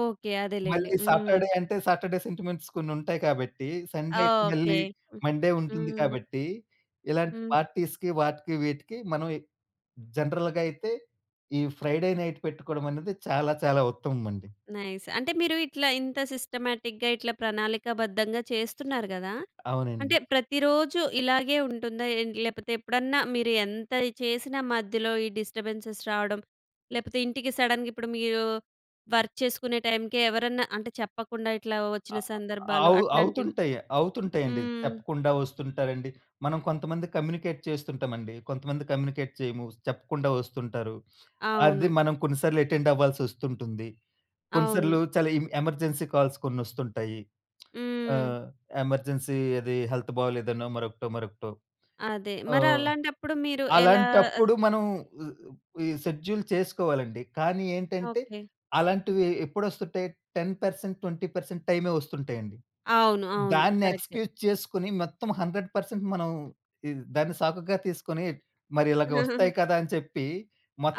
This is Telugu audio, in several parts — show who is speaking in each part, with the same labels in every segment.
Speaker 1: ఓకే. అదేలెండి.
Speaker 2: మళ్ళీ
Speaker 1: హ్మ్.
Speaker 2: సాటర్‌డే అంటే సాటర్‌డే సెంటిమెంట్స్ కొన్నుం‌టాయి కాబట్టి, సండే అయితే
Speaker 1: ఓకే.
Speaker 2: మళ్ళీ
Speaker 1: హ్మ్.
Speaker 2: మండే ఉంటుంది
Speaker 1: హ్మ్.
Speaker 2: కాబట్టి, ఇలాంటి
Speaker 1: హ్మ్.
Speaker 2: పార్టీస్‌కి వాటికి వీటికి మనవి జనరల్‌గయితే ఈ ఫ్రైడే నైట్ పెట్టుకోవడమనేది చాలా చాలా ఉత్తమమండి.
Speaker 1: నైస్. అంటే మీరు ఇట్లా ఇంత సిస్టమాటిక్‌గా ఇట్లా ప్రణాళికాబద్ధంగా చేస్తున్నారు గదా!
Speaker 2: అవునండి.
Speaker 1: అంటే ప్రతిరోజూ ఇలాగే ఉంటుందా? ఏంటి లేపోతే ఎప్పుడన్నా మీరు ఎంతది చేసినా మధ్యలో ఈ డిస్టర్బె‌న్సెస్ రావడం, లేపోతే ఇంటికి సడెన్‌గా ఇప్పుడు మీరు వర్క్ చేసుకునే టైంకే ఎవరన్నా అంటే చెప్పకుండా ఇట్లా వచ్చిన
Speaker 2: అ అ
Speaker 1: సందర్భాలు
Speaker 2: అవు
Speaker 1: అట్లాంటివి.
Speaker 2: అవుతుంటయి. అవుతుంటయండి.
Speaker 1: హ్మ్.
Speaker 2: చెప్పకుండా ఒస్తుంటారండి. మనం కొంతమంది కమ్యూనికేట్ చేస్తుంటమండి. కొంతమంది కమ్యూనికేట్ చేయము చెప్పకుండా ఒస్తుంటారు. అది
Speaker 1: అవును.
Speaker 2: మనం కొన్నిసార్లు అటెండ్ అవ్వా‌ల్సొ‌స్తుంటుంది.
Speaker 1: అవును.
Speaker 2: కొన్నిసార్లు చాలా ఎమ్ ఎమర్జెన్సీ కాల్స్ కొ‌న్నొస్తుంటాయి. ఆ!
Speaker 1: హ్మ్.
Speaker 2: ఎమర్జెన్సీ అది హెల్త్ బాలేదనో మరొకటో మరొకటో.
Speaker 1: అదే!
Speaker 2: ఆ!
Speaker 1: మరి అలాంటప్పుడు మీరు ఎలా? ఆ!
Speaker 2: అలాంటప్పుడు మనం హ్మ్. ఈ షెడ్యూల్ చేసుకోవాలండి. కానీ ఏంటంటే
Speaker 1: ఓకే.
Speaker 2: అలాంటివి ఎ ఎప్పు‌డొ‌స్తుంటయి 10%, 20% టైమే వస్తుంటయండి.
Speaker 1: అవును. అవును.
Speaker 2: దాన్ని
Speaker 1: కరెక్టే.
Speaker 2: ఎక్స్‌క్యూజ్ చేసుకొని, మొత్తం 100% మనం ఇది ఈ దాన్ని సాకుగా తీసుకొని మరి ఇలగా ఒస్తాయి కదా! అని చెప్పి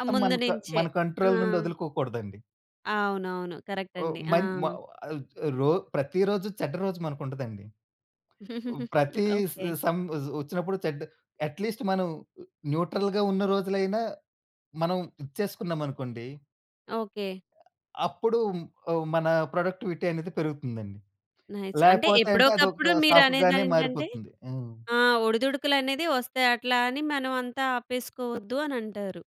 Speaker 1: ఆ
Speaker 2: మన క
Speaker 1: ముందునించే.
Speaker 2: మన
Speaker 1: ఆ!
Speaker 2: కంట్రోల్ నుండి వదులుకోకూడదండి.
Speaker 1: అవునవును. కరెక్ట్
Speaker 2: ఓహ్!
Speaker 1: అండి. ఆ!
Speaker 2: మన్ మా వా రో ప్రతిరోజు చెడ్డ రోజు మనకుంటదండి. ఇప్ ప్రతీ స
Speaker 1: ఓకే.
Speaker 2: స సమ్ వజ్ ఒచ్చినప్పుడు చెడ్ అట్‌లీస్ట్ మనం న్యూట్రల్‌గా ఉన్న రోజులైనా మనం ఇచ్చేసుకున్నామనుకోండి
Speaker 1: ఓకే.
Speaker 2: అప్పుడు హ్మ్. ఓహ్! మన ప్రొడక్టివిటీ అనేది పెరుగుతుందండి.
Speaker 1: నైస్. అంటే
Speaker 2: లేపోతే అంటే
Speaker 1: ఎప్పుడోకప్పుడు
Speaker 2: అదొక సాకుగానే
Speaker 1: మీరనేదేంటంటే
Speaker 2: మారిపోతుంది. హ్మ్.
Speaker 1: ఆ! ఒడిదుడుకులనేది ఒస్తాయి. అట్లా అని మనం అంతా ఆపేసుకోవద్దు అనంటారు.